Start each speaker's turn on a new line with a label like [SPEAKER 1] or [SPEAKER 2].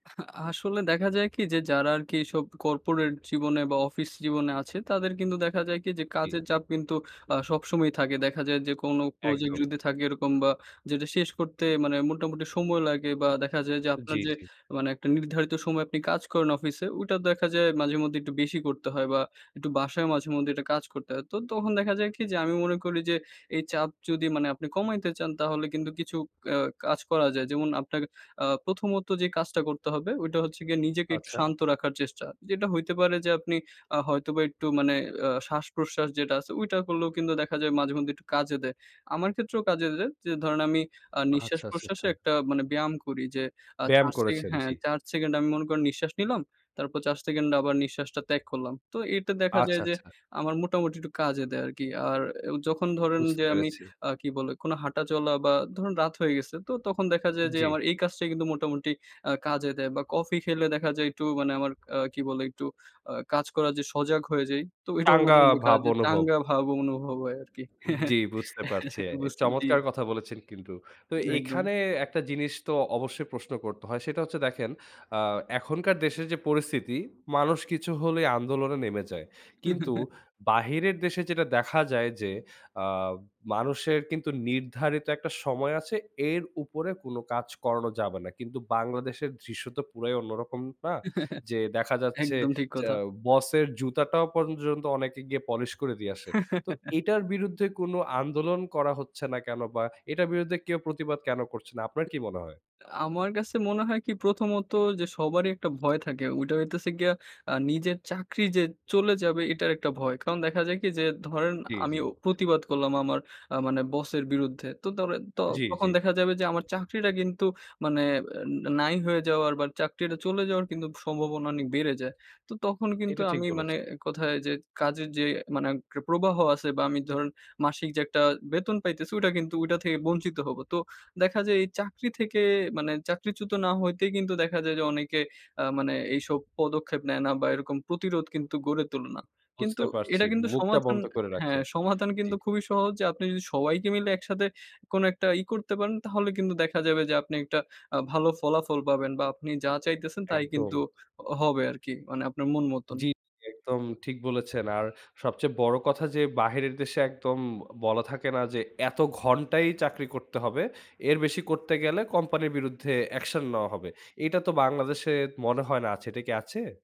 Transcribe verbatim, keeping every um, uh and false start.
[SPEAKER 1] আ আসলে দেখা যায় কি? যে যারা আরকি এইসব কর্পোরেট জীবনে বা, অফিস জীবনে আছে, তাদের কিন্তু দেখা যায় কি? যে
[SPEAKER 2] জি।
[SPEAKER 1] কাজের চাপ কিন্তু আ সবসময়ই থাকে। দেখা যায় যে কোনো প্রজেক্ট
[SPEAKER 2] একদম।
[SPEAKER 1] যদি থাকে এরকম বা, যেটা শেষ করতে মানে মোটামুটি সময় লাগে বা, দেখা যায় যে
[SPEAKER 2] জি,
[SPEAKER 1] আপনার যে
[SPEAKER 2] জি।
[SPEAKER 1] মানে একটা নির্ধারিত সময় আপনি কাজ করেন অফিসে, ওইটা দেখা যায় মাঝেমধ্যেই একটু বেশি করতে হয় বা, একটু বাসায় মাঝেমধ্যেই একটা কাজ করতে হয়। তো তখন দেখা যায় কি? যে আমি মনে করি যে, এই চাপ যদি মানে আপনি কমাইতে চান, তাহলে কিন্তু কিছু আ কাজ করা যায়। যেমন আপনাকে আ প্রথমত যে কাজটা করতে হবে, ওইটা হচ্ছে গিয়ে নিজেকে একটু
[SPEAKER 2] আচ্ছা।
[SPEAKER 1] শান্ত রাখার চেষ্টা। যেটা হইতে পারে যে আপনি আ হয়তোবা একটু মানে আ শ্বাস-প্রশ্বাস যেটা আছে, ওইটা করলেও কিন্তু দেখা যায় মাঝেমধ্যে একটু কাজে দেয়। আমার ক্ষেত্রেও কাজে দেয়। যে ধরেন আমি আ
[SPEAKER 2] আহ
[SPEAKER 1] নিঃশ্বাস
[SPEAKER 2] আচ্ছা, আচ্ছা,
[SPEAKER 1] প্রশ্বাসে
[SPEAKER 2] আচ্ছা।
[SPEAKER 1] একটা মানে ব্যায়াম করি। যে আ
[SPEAKER 2] ব্যায়াম
[SPEAKER 1] চার সে
[SPEAKER 2] করেছেন,
[SPEAKER 1] হ্যাঁ,
[SPEAKER 2] জি।
[SPEAKER 1] চার সেকেন্ড আমি মনে করে নিঃশ্বাস নিলাম। তারপর চার সেকেন্ড আবার নিঃশ্বাসটা ত্যাগ করলাম। তো এটা দেখা
[SPEAKER 2] আচ্ছা,
[SPEAKER 1] যায় যে
[SPEAKER 2] আচ্ছা।
[SPEAKER 1] আমার মোটামুটি একটু কাজে দেয় আরকি। আর আ যখন ধরেন
[SPEAKER 2] বুঝতে
[SPEAKER 1] যে আমি
[SPEAKER 2] পেরেছি।
[SPEAKER 1] আ কী বলে? কোনো হাঁটা চলা বা, ধরুন রাত হয়ে গেছে। তো তখন দেখা যায় যে
[SPEAKER 2] জি।
[SPEAKER 1] আমার এই কাজটা কিন্তু মোটামুটি আ কাজে দেয় বা, কফি খেলে দেখা যায় একটু মানে আমার কি বলে? একটু আ কাজ করার যে সজাগ হয়ে যাই। তো এটাও
[SPEAKER 2] টাঙ্গা
[SPEAKER 1] মাঝেমধ্যে কাজ
[SPEAKER 2] ভাব অনুভব।
[SPEAKER 1] চাঙ্গা ভাব অনুভব হয় আরকি।
[SPEAKER 2] জি, বুঝতে পারছি। এ
[SPEAKER 1] বুঝ জি।
[SPEAKER 2] চমৎকার কথা বলেছেন কিন্তু। তো
[SPEAKER 1] একদম।
[SPEAKER 2] এখানে একটা জিনিস তো অবশ্যই প্রশ্ন করতে হয়। সেটা হচ্ছে দেখেন আ এখনকার দেশের যে পরিস্থিতি, মানুষ কিছু হলেই আন্দোলনে নেমে যায়। কিন্তু বাহিরের দেশে যেটা দেখা যায় যে আ মানুষের কিন্তু নির্ধারিত একটা সময় আছে। এর উপরে কোন কাজ করানো যাবে না। কিন্তু বাংলাদেশের দৃশ্য তো পুরাই অন্যরকম, না? যে দেখা যাচ্ছে
[SPEAKER 1] একদম ঠিক
[SPEAKER 2] যেআ
[SPEAKER 1] কথা।
[SPEAKER 2] বসের জুতাটাও পর্যন্ত অনেকে গিয়ে পলিশ করে দিয়ে আসে। তো এটার বিরুদ্ধে কোন আন্দোলন করা হচ্ছে না কেন? বা এটার বিরুদ্ধে কেউ প্রতিবাদ কেন করছে না? আপনার কি মনে হয়?
[SPEAKER 1] আ আমার কাছে মনে হয় কি? প্রথমত যে সবারই একটা ভয় থাকে। ওইটা হইতেছে গিয়ে আ নিজের চাকরি যে চলে যাবে, এটার একটা ভয়। কারণ দেখা যায় কি? যে ধরেন
[SPEAKER 2] জি, জি।
[SPEAKER 1] আমিও প্রতিবাদ করলাম আমার আ মানে বসের বিরুদ্ধে। তো ধরেন ত
[SPEAKER 2] জি, জি।
[SPEAKER 1] তখন দেখা যাবে যে আমার চাকরিটা কিন্তু মানে আ নাই হয়ে যাওয়ার বা, চাকরিটা চলে যাওয়ার কিন্তু স সম্ভাবনা অনেক বেড়ে যায়। তো তখন কিন্তু
[SPEAKER 2] এইটা ঠিক
[SPEAKER 1] আমি
[SPEAKER 2] বলেছ।
[SPEAKER 1] মানে এক কথায় যে কাজের যে মানে এট প্রবাহ আছে বা, আমি ধরেন মাসিক যে একটা বেতন পাইতেছি, ওটা কিন্তু ওইটা থেকে বঞ্চিত হব। তো দেখা যায় এই চাকরি থেকে মানে চাকরিচ্যুত না হইতেই কিন্তু দেখা যায় যে অনেকে আ মানে এইসব পদক্ষেপ নেয় না বা, এরকম প্রতিরোধ কিন্তু গড়ে তোলে না। কিন্তু
[SPEAKER 2] বুঝতে পারছি,
[SPEAKER 1] এটা কিন্তু
[SPEAKER 2] মুখটা
[SPEAKER 1] সমাধান
[SPEAKER 2] বন্ধ করে রাখে।
[SPEAKER 1] হ্যাঁ, সমাধান
[SPEAKER 2] জি।
[SPEAKER 1] কিন্তু খুবই সহজ। যে আপনি যদি সবাইকে মিলে একসাথে কোন একটা ই করতে পারেন, তাহলে কিন্তু দেখা যাবে যে আপনি একটা আ ভালো ফলাফল পাবেন বা, আপনি যা চাইতেছেন, তাই কিন্তু
[SPEAKER 2] একদম।
[SPEAKER 1] হ হবে আরকি, মানে আপনার মন মতন।
[SPEAKER 2] জি, একদম ঠিক বলেছেন। আর সবচেয়ে বড় কথা যে বাহিরের দেশে একদম বলা থাকে না? যে এত ঘন্টাই চাকরি করতে হবে। এর বেশি করতে গেলে কোম্পানির বিরুদ্ধে অ্যাকশন নেওয়া হবে। এটা তো বাংলাদেশে মনে হয় না আছে, এটা কি আছে?